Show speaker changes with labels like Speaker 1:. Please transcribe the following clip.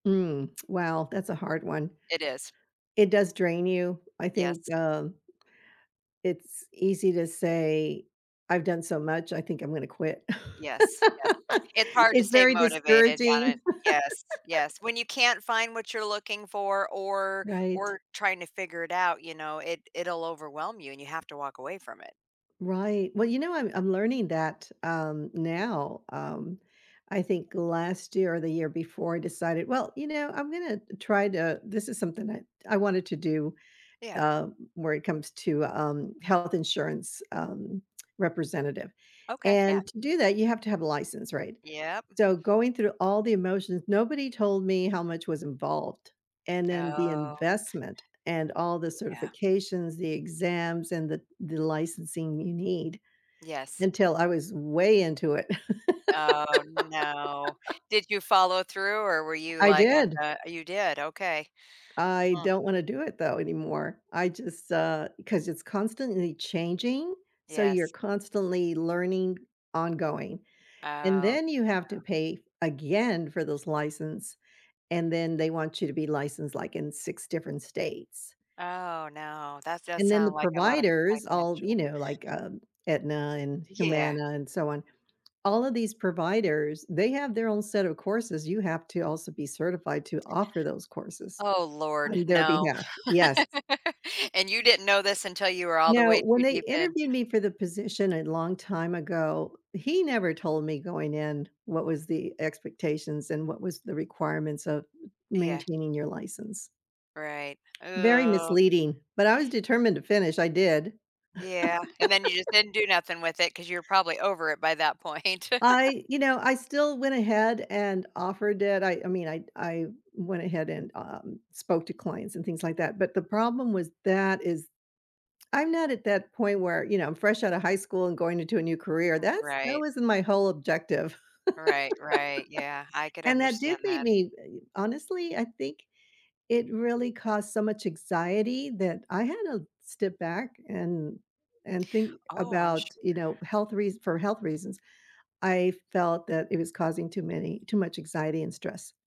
Speaker 1: Mm, well, that's a hard one.
Speaker 2: It is.
Speaker 1: It does drain you, I think,
Speaker 2: Yes.
Speaker 1: um, it's easy to say, "I've done so much, I think I'm gonna quit."
Speaker 2: Yes, yes. It's hard to
Speaker 1: It's
Speaker 2: stay
Speaker 1: very
Speaker 2: motivated
Speaker 1: discouraging.
Speaker 2: on it. Yes, yes. When you can't find what you're looking for or
Speaker 1: Right.
Speaker 2: or trying to figure it out, you know, it it'll overwhelm you and you have to walk away from it.
Speaker 1: Right, well, you know, I'm I'm learning that, um, now, um, I think last year or the year before I decided, "Well, you know, I'm gonna try to" this is something that I wanted to do,
Speaker 2: Yeah.
Speaker 1: uh, where it comes to, um, health insurance, um, representative,
Speaker 2: Okay, yeah.
Speaker 1: and to do that, you have to have a license, right?
Speaker 2: Yep.
Speaker 1: So, going through all the emotions, nobody told me how much was involved, and then the
Speaker 2: Oh.
Speaker 1: investment, and all the
Speaker 2: Yeah.
Speaker 1: certifications, the exams, and the the licensing you need,
Speaker 2: Yes.
Speaker 1: until I was way into it.
Speaker 2: Oh no. Did you follow through or were you
Speaker 1: I
Speaker 2: like, "I'm,
Speaker 1: did.
Speaker 2: uh" oh, you did? Okay.
Speaker 1: I
Speaker 2: Hmm.
Speaker 1: don't want to do it though anymore. I just, uh, 'cause it's constantly changing, so you're
Speaker 2: Yes.
Speaker 1: constantly learning, ongoing,
Speaker 2: Oh,
Speaker 1: and
Speaker 2: yeah.
Speaker 1: then you have to pay again for those license, and then they want you to be licensed, like, in 6 different states.
Speaker 2: Oh, no. That does
Speaker 1: And then the
Speaker 2: sound like a lot of
Speaker 1: providers, all, you
Speaker 2: financial
Speaker 1: know, like, um, Aetna and
Speaker 2: Yeah.
Speaker 1: Humana and so on, all of these providers, they have their own set of courses, you have to also be certified to offer those courses
Speaker 2: Oh Lord,
Speaker 1: on their
Speaker 2: no.
Speaker 1: behalf Yes.
Speaker 2: And you didn't know this until you were all the
Speaker 1: Now,
Speaker 2: way
Speaker 1: when
Speaker 2: too
Speaker 1: they
Speaker 2: deep in.
Speaker 1: interviewed me for the position a long time ago, he never told me going in what was the expectations and what was the requirements of
Speaker 2: Yeah.
Speaker 1: maintaining your license.
Speaker 2: Right.
Speaker 1: Very
Speaker 2: Ooh.
Speaker 1: misleading, but I was determined to finish. I did.
Speaker 2: Yeah, and then you just didn't do nothing with it ‘cause you're probably over it by that point.
Speaker 1: I you know, I still went ahead and offered it. I I mean I I went ahead and, um, spoke to clients and things like that, but the problem was that is I'm not at that point where, you know, I'm fresh out of high school and going into a new career. That's that
Speaker 2: Right.
Speaker 1: wasn't my whole objective,
Speaker 2: Right, right. Yeah. I could
Speaker 1: and that did
Speaker 2: understand
Speaker 1: make
Speaker 2: that.
Speaker 1: me, honestly, I think it really caused so much anxiety that I had to step back and and think
Speaker 2: Oh, I'm
Speaker 1: about,
Speaker 2: sure
Speaker 1: you know, health reas for health reasons. I felt that it was causing too many too much anxiety and stress.